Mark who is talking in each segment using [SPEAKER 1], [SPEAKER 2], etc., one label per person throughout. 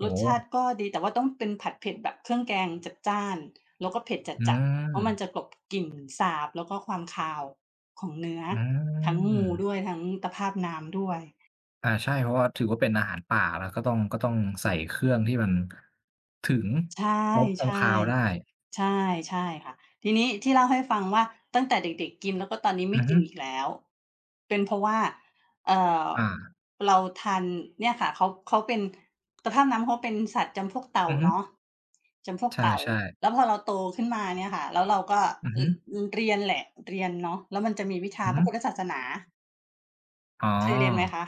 [SPEAKER 1] โอ
[SPEAKER 2] ร
[SPEAKER 1] ้
[SPEAKER 2] ส
[SPEAKER 1] โ
[SPEAKER 2] ชาติ
[SPEAKER 1] ฮ!
[SPEAKER 2] ก็ดี แต่ว่าต้องเป็นผัดเผ็ดแบบเครื่องแกงจัดจ้าน แล้วก็เผ็ด
[SPEAKER 1] อื
[SPEAKER 2] จัด ๆ เพราะมัน
[SPEAKER 1] ม
[SPEAKER 2] จะกลบ กลิ่นสาบ แล้วก็ความคาวของเนื้อ
[SPEAKER 1] อื
[SPEAKER 2] ทั้งงู
[SPEAKER 1] ม
[SPEAKER 2] ด้วย ทั้งตะพาบน้ำด้วย
[SPEAKER 1] อ่า ใช่ เพราะว่าถือว่าเป็นอาหารป่า เราก็ต้อง ก็ต้องใส่เครื่องที่มัน ถึง
[SPEAKER 2] ช ใช่
[SPEAKER 1] ลบคว
[SPEAKER 2] ๆ
[SPEAKER 1] ามคาวได้
[SPEAKER 2] ใช่ ใช่ค่ะ ทีนี้ที่เล่าให้ฟังว่า ตั้งแต่เด็ก ๆ กิน แล้วก็ตอนนี้ไ
[SPEAKER 1] อ
[SPEAKER 2] ม่
[SPEAKER 1] ือ
[SPEAKER 2] ก
[SPEAKER 1] ฮ
[SPEAKER 2] ิ
[SPEAKER 1] ึ
[SPEAKER 2] นอีกแล้ว เป็นเพราะว่า เอ่อ
[SPEAKER 1] อา
[SPEAKER 2] เราทาน เนี่ยค่ะเขา เขาเป็น ตะพาบน้ำเขาเป็นสัตว์จำพวกเต่า
[SPEAKER 1] อือฮึ
[SPEAKER 2] เนาะ จำพวก
[SPEAKER 1] ใ
[SPEAKER 2] เต่า
[SPEAKER 1] ช่ ๆ
[SPEAKER 2] แล้วพอเราโตขึ้นมาเนี่ยค่ะ แล้วเราก็
[SPEAKER 1] อือ
[SPEAKER 2] เอ
[SPEAKER 1] ฮ
[SPEAKER 2] ่
[SPEAKER 1] ึ
[SPEAKER 2] อ อือ เรียนแหละ เรียนเนาะ แล้วมันจะมีวิช
[SPEAKER 1] อ
[SPEAKER 2] า
[SPEAKER 1] ือฮ
[SPEAKER 2] พร
[SPEAKER 1] ึ
[SPEAKER 2] ะพุทธศาสนา
[SPEAKER 1] อ๋อ
[SPEAKER 2] เคยเรียนไหมคะ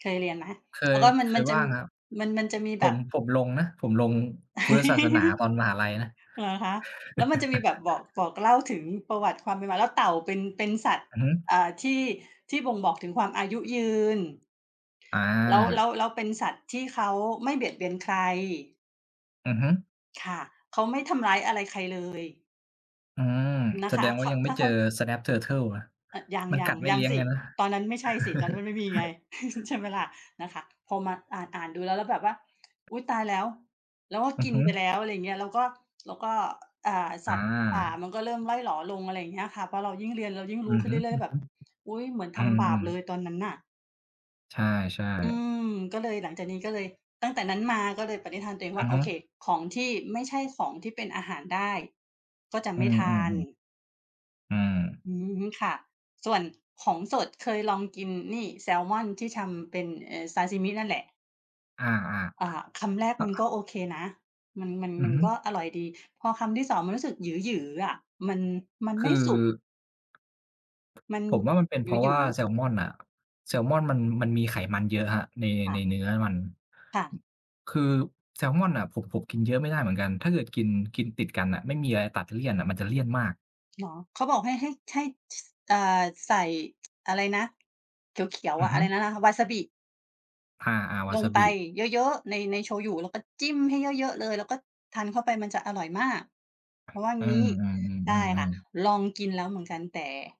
[SPEAKER 2] เคยเรียนไหม?
[SPEAKER 1] เค
[SPEAKER 2] แล้
[SPEAKER 1] ย
[SPEAKER 2] วก็มัน
[SPEAKER 1] เค
[SPEAKER 2] มั
[SPEAKER 1] ย
[SPEAKER 2] นจ
[SPEAKER 1] ว
[SPEAKER 2] ะ
[SPEAKER 1] ่
[SPEAKER 2] ม
[SPEAKER 1] างครับ
[SPEAKER 2] มัน มันจะมี
[SPEAKER 1] ผ
[SPEAKER 2] แบ
[SPEAKER 1] ม
[SPEAKER 2] บ
[SPEAKER 1] ผมลงนะ ผมลงพุทธศาสนาตอนมหาลัยนะ
[SPEAKER 2] เหรอคะ? แล้วมันจะมีแบบบอก บอกเล่าถึงประวัติความเป็นมา แล้วเต่าเป็น เป็นสัตว์
[SPEAKER 1] อือฮึ
[SPEAKER 2] อ่า ที่ ที่บ่งบอก ถึงความอายุยืน แล้ว แล้
[SPEAKER 1] อา
[SPEAKER 2] ว แล้วเป็นสัตว์ที่เขาไม่ เบียดเบียนใคร
[SPEAKER 1] อือฮึ
[SPEAKER 2] ค่ะ เขาไม่ทำร้ายอะไรใครเลย
[SPEAKER 1] อืม
[SPEAKER 2] น
[SPEAKER 1] แ
[SPEAKER 2] ะ
[SPEAKER 1] ส
[SPEAKER 2] ค
[SPEAKER 1] ด
[SPEAKER 2] ะ
[SPEAKER 1] งว
[SPEAKER 2] เ
[SPEAKER 1] ่
[SPEAKER 2] ข
[SPEAKER 1] า
[SPEAKER 2] า
[SPEAKER 1] ยังไม
[SPEAKER 2] ถ
[SPEAKER 1] ่
[SPEAKER 2] ้า
[SPEAKER 1] เจ
[SPEAKER 2] เข
[SPEAKER 1] อ
[SPEAKER 2] า
[SPEAKER 1] Snapping Turtle นะ
[SPEAKER 2] เออ ยัง
[SPEAKER 1] มัน
[SPEAKER 2] ย
[SPEAKER 1] ก
[SPEAKER 2] ั
[SPEAKER 1] ั
[SPEAKER 2] ง
[SPEAKER 1] ดไม่
[SPEAKER 2] ยั
[SPEAKER 1] เลี
[SPEAKER 2] ง
[SPEAKER 1] ้ยง
[SPEAKER 2] ส
[SPEAKER 1] เล
[SPEAKER 2] ิ
[SPEAKER 1] ยนะ
[SPEAKER 2] ตอนนั้นไม่ใช่สิ ตอนนั้นยังไม่มีไง ใช่ไหมล่ะ? นะคะ พอมาอ่าน ๆ ดูแล้ว แล้วแบบว่า อุ๊ย! ตายแล้ว แล้วก็
[SPEAKER 1] อื
[SPEAKER 2] ก
[SPEAKER 1] อ
[SPEAKER 2] ิ
[SPEAKER 1] ฮ
[SPEAKER 2] น
[SPEAKER 1] ึ
[SPEAKER 2] ไปแล้ว อะไรอย่างเงี้ย แล้วก็ แล้วก็ อ อ่า ส
[SPEAKER 1] อ
[SPEAKER 2] ัตว์ป่า
[SPEAKER 1] า
[SPEAKER 2] มันก็เริ่มร่อยหรอลง อะไรอย่างเงี้ยอะค่ะ เพราะเรายิ่งเรียนเรายิ่ง
[SPEAKER 1] อ
[SPEAKER 2] รู
[SPEAKER 1] ื
[SPEAKER 2] ้
[SPEAKER 1] อ
[SPEAKER 2] ขึ้
[SPEAKER 1] ฮ
[SPEAKER 2] นเ
[SPEAKER 1] ึ
[SPEAKER 2] รื
[SPEAKER 1] ๆ
[SPEAKER 2] ่อย ๆ แบบ
[SPEAKER 1] อ
[SPEAKER 2] อุ๊ย! เหมือนทำบ
[SPEAKER 1] ื
[SPEAKER 2] าป
[SPEAKER 1] อ
[SPEAKER 2] เล
[SPEAKER 1] ๆ
[SPEAKER 2] ยตอนนั้นน่ะ
[SPEAKER 1] ใช่
[SPEAKER 2] อื
[SPEAKER 1] ๆ
[SPEAKER 2] ม ก็เลย หลังจากนี้ก็เลย ตั้งแต่นั้นมาก็เลยปณิธานตัวเอง
[SPEAKER 1] อ
[SPEAKER 2] ว่
[SPEAKER 1] ะ
[SPEAKER 2] า โอ
[SPEAKER 1] ฮ
[SPEAKER 2] เค
[SPEAKER 1] ะ
[SPEAKER 2] ของที่ไม่ใช่ของที่เป็นอาหารได้ ก็จะ
[SPEAKER 1] อ
[SPEAKER 2] ไ
[SPEAKER 1] ื
[SPEAKER 2] ม่ทาน
[SPEAKER 1] อ ๆ ๆ อืม
[SPEAKER 2] อืม ค่ะ ส่วน ของสด เคยลองกินนี่ แซมอนที่ทำเป็น เอ่อ ซาซิมินั่นแหละ
[SPEAKER 1] อา
[SPEAKER 2] อ่า คำแรกมันก็
[SPEAKER 1] ๆ
[SPEAKER 2] โอเคนะ มัน มัน
[SPEAKER 1] อื
[SPEAKER 2] ม
[SPEAKER 1] อ
[SPEAKER 2] ัน
[SPEAKER 1] ฮึ
[SPEAKER 2] ก็อร่อยดี พอคำที่ 2 มันรู้สึกหยือ ๆ อะ มัน มัน
[SPEAKER 1] ค
[SPEAKER 2] ไม่
[SPEAKER 1] ือ
[SPEAKER 2] สุก มัน
[SPEAKER 1] ผมว่า มันเป็นเ
[SPEAKER 2] ห
[SPEAKER 1] พราะว
[SPEAKER 2] ย
[SPEAKER 1] ่
[SPEAKER 2] ื
[SPEAKER 1] า
[SPEAKER 2] อ ๆ
[SPEAKER 1] แซมอนน่ะ แซลมอนมัน มันมีไขมันเยอะครับ ใน
[SPEAKER 2] ค่
[SPEAKER 1] ใน
[SPEAKER 2] ะ
[SPEAKER 1] เนื้อมัน
[SPEAKER 2] ค่ะ
[SPEAKER 1] คือแซลมอนน่ะ ผม ผมกินเยอะไม่ได้เหมือนกัน ถ้าเกิดกิน กินติดกันน่ะ ไม่มีอะไรตัดเลี่ยนอะ มันจะเลี่ยนมาก
[SPEAKER 2] เหรอ? เขาบอกให้ ให้ ให้ ส อ่า ใส่ อะไรนะ เขียว
[SPEAKER 1] อ
[SPEAKER 2] ๆ
[SPEAKER 1] ื
[SPEAKER 2] อ
[SPEAKER 1] อ
[SPEAKER 2] ะ
[SPEAKER 1] ฮ
[SPEAKER 2] อะ
[SPEAKER 1] ึ
[SPEAKER 2] ไรนะ วาซาบิ
[SPEAKER 1] อา ๆ วา
[SPEAKER 2] ล
[SPEAKER 1] ซ
[SPEAKER 2] ง
[SPEAKER 1] าบ
[SPEAKER 2] ไป
[SPEAKER 1] ิ
[SPEAKER 2] เยอะ ๆ ใน ในโชยุ แล้วก็จิ้มให้เยอะ ๆ เลย แล้วก็ทานเข้าไป มันจะอร่อยมาก เขาว่า
[SPEAKER 1] อื
[SPEAKER 2] งี
[SPEAKER 1] อ
[SPEAKER 2] ้
[SPEAKER 1] อื
[SPEAKER 2] ใช่ค่
[SPEAKER 1] อ
[SPEAKER 2] ะ
[SPEAKER 1] ๆ ๆ ๆ
[SPEAKER 2] ลอง กินแล้วเหมือนกันแต่